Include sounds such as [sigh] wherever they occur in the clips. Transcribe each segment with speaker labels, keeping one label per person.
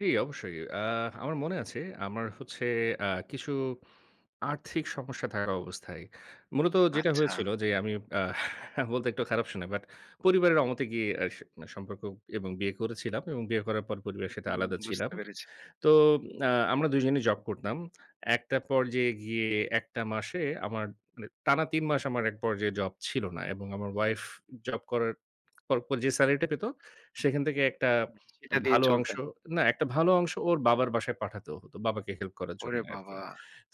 Speaker 1: জি, অবশ্যই। অ্যা আমার মনে আছে আমার হচ্ছে আ কিছু আর্থিক সমস্যা থাকা অবস্থায়। মূলত যেটা
Speaker 2: আচ্ছা।
Speaker 1: হয়েছিল যে আমি আ বলতে একটু খারাপ শোনায়। বাট পরিবারের অমতে গিয়ে আশ সম্পর্ক এবং বিয়ে করেছিলাম এবং বিয়ে করার পর পরিবারের সাথে
Speaker 2: উহু।
Speaker 1: আলাদা ছিলাম।
Speaker 2: বুঝতে পেরেছি।
Speaker 1: তো আ আমরা ২ জনই জব করতাম। একটা পর্যায়ে গিয়ে একটা মাসে আমার মানে টানা ৩ মাস আমার এক পর্যায়ে জব ছিল না এবং আমার ওয়াইফ জব করার পর, পর যে সেলারিটা পেত সেখান থেকে একটা
Speaker 2: সেটা দিয়ে
Speaker 1: ভালো অংশ
Speaker 2: চলতেন।
Speaker 1: না একটা ভালো অংশ ওর বাবার বাসায় পাঠাতে হত। বাবাকে হেল্প করার জন্যে
Speaker 2: ওরে
Speaker 1: আরকি।
Speaker 2: বাবা!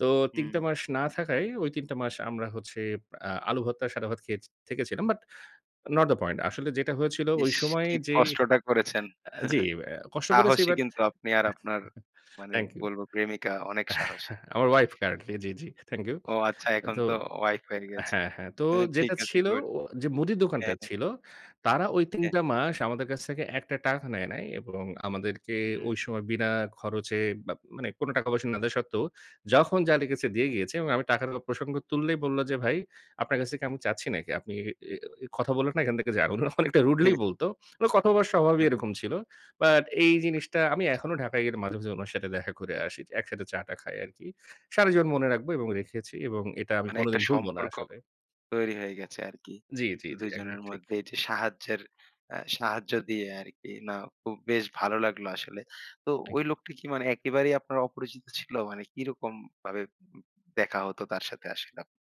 Speaker 1: তো ৩
Speaker 2: হুম।
Speaker 1: টা মাস না থাকায় ঐ ৩ টা মাস আমরা হচ্ছে আ আলু ভর্তা, সাদা ভাত খেয়ে থেকেছিলাম বাট নট দ্যা পয়েন্ট। আসলে যেটা হয়েছিল ওই
Speaker 2: ইস
Speaker 1: সময়
Speaker 2: কি
Speaker 1: যেই
Speaker 2: কষ্টটা করেছেন।
Speaker 1: অ্যা জি
Speaker 2: [chuckles]
Speaker 1: অ্যা কষ্ট করেছি
Speaker 2: সাহসী
Speaker 1: বাট
Speaker 2: কিন্তু আপনি আর আপনার
Speaker 1: [chuckles]
Speaker 2: মানে
Speaker 1: থ্যাংক ইউ।
Speaker 2: বলব প্রেমিকা অনেক সাহসী।
Speaker 1: [chuckles] আমার ওয়াইফ কারেন্টলি জি, জি। Thank you.
Speaker 2: ও আচ্ছা এখন
Speaker 1: তো
Speaker 2: তো ওয়াইফ হয়ে গেছে।
Speaker 1: হ্যাঁ, হ্যাঁ, তো
Speaker 2: হু, ঠিক
Speaker 1: যেটা
Speaker 2: আছে,
Speaker 1: ছিল
Speaker 2: গুড।
Speaker 1: ও যে মুদির
Speaker 2: হ্যাঁ,
Speaker 1: দোকান্দার
Speaker 2: হ্যাঁ।
Speaker 1: ছিল, তারা ওই ৩
Speaker 2: হ্যাঁ।
Speaker 1: টা মাস আমাদের কাছ থেকে ১ টা টাকা নেয় নাই এবং আমাদেরকে
Speaker 2: উম
Speaker 1: ওই সময় বিনা খরচে বা মানে কোন টাকা পয়সা না দেওয়া সত্ত্বেও যখন যা লেগেছে দিয়ে গিয়েছে এবং আমি টাক দেওয়ার প্রসঙ্গ তুললেই বলল যে, "ভাই আপনার কাছ থেকে আমি চাচ্ছি নাকি? আপনি অ্যা, অ্যা কথা বললেন না এখান থেকে যান।" উনারা অনেকটা রুডলি
Speaker 2: হেহ।
Speaker 1: বলত। মানে কথা বলা স্বভাবই
Speaker 2: হ্যাঁ হু।
Speaker 1: এরকম ছিল। বাট এই জিনিসটা আমি এখনো ঢাকায় গেলে মাঝে, মাঝে উনার সাথে দেখা করে আসি। একসাথে চা-টা খাই আরকি। সারা জীবন মনে রাখব এবং রেখেছি এবং এটা আমি
Speaker 2: মানে একটা
Speaker 1: কোনদিন ভুলবো না
Speaker 2: সম্পর্ক
Speaker 1: আসলে।
Speaker 2: তৈরি হয়ে গেছে আরকি।
Speaker 1: জি, জি, জি।
Speaker 2: ২ জনের
Speaker 1: একদম ঠিক।
Speaker 2: মধ্যে, এই যে সাহায্যের অ্যা সাহায্য দিয়ে আরকি না খুব বেশ ভালো লাগলো আসলে। তো
Speaker 1: থ্যাংক
Speaker 2: ওই
Speaker 1: ইউ।
Speaker 2: লোকটা কি মানে একেবারেই আপনার অপরিচিত ছিল? মানে কিরকম ভাবে দেখা হতো তার সাথে আসলেও?